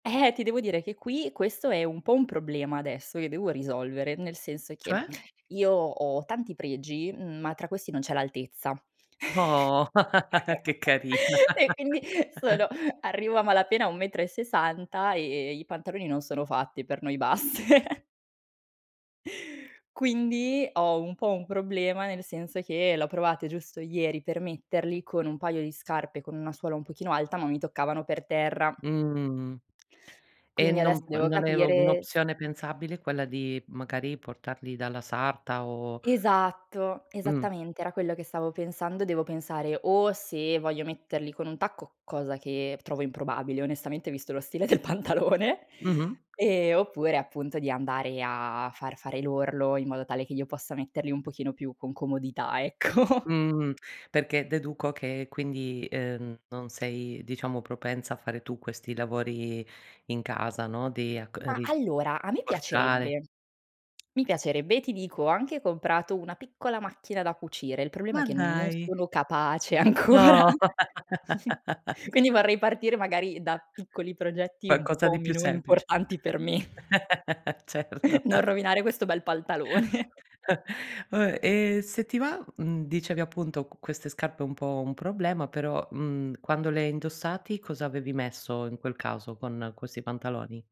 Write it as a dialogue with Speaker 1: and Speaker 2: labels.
Speaker 1: Eh, ti devo dire che qui questo è un po' un problema adesso che devo risolvere, nel senso che:
Speaker 2: Cioè?
Speaker 1: io ho tanti pregi, ma tra questi non c'è l'altezza.
Speaker 2: No. Che carina.
Speaker 1: E quindi sono arrivo a malapena a 1 metro e 60 e e i pantaloni non sono fatti per noi basse. Quindi ho un po' un problema, nel senso che l'ho provate giusto ieri per metterli con un paio di scarpe con una suola un pochino alta, ma mi toccavano per terra.
Speaker 2: Mh. E
Speaker 1: Quindi adesso
Speaker 2: non mhmm,
Speaker 1: devo
Speaker 2: non è
Speaker 1: capire s
Speaker 2: un'opzione pensabile quella di magari portarli dalla sarta, o
Speaker 1: Esatto,
Speaker 2: Mh.
Speaker 1: esattamente era quello che stavo pensando; devo pensare o se voglio metterli con un tacco, cosa che trovo improbabile onestamente visto lo stile del pantalone,
Speaker 2: Mh-mh.
Speaker 1: e oppure, appunto di andare a a far fare l'orlo, in modo tale che io possa metterli un pochino più con comodità, ecco.
Speaker 2: Mh. Perché deduco che quindi, ehm, non sei diciamo propensa a fare tu questi lavori in casa, no. Di acco ehm,
Speaker 1: Ma
Speaker 2: ri
Speaker 1: allora a me
Speaker 2: portare
Speaker 1: piacerebbe. Mi piacerebbe, ti dico, ho anche comprato una piccola macchina da cucire, il problema è
Speaker 2: Ma
Speaker 1: che non
Speaker 2: dai!
Speaker 1: sono capace ancora.
Speaker 2: No!
Speaker 1: Quindi vorrei partire magari da piccoli progetti un
Speaker 2: Qualcosa
Speaker 1: po'
Speaker 2: di più
Speaker 1: meno
Speaker 2: semplice.
Speaker 1: importanti per me.
Speaker 2: Certo.
Speaker 1: Non rovinare questo bel pantalone.
Speaker 2: Vabbè, e se ti va mhmm, dicevi appunto con queste scarpe un po' un problema, però, mhmm, quando le hai indossati cosa avevi messo, in quel caso, con questi pantaloni?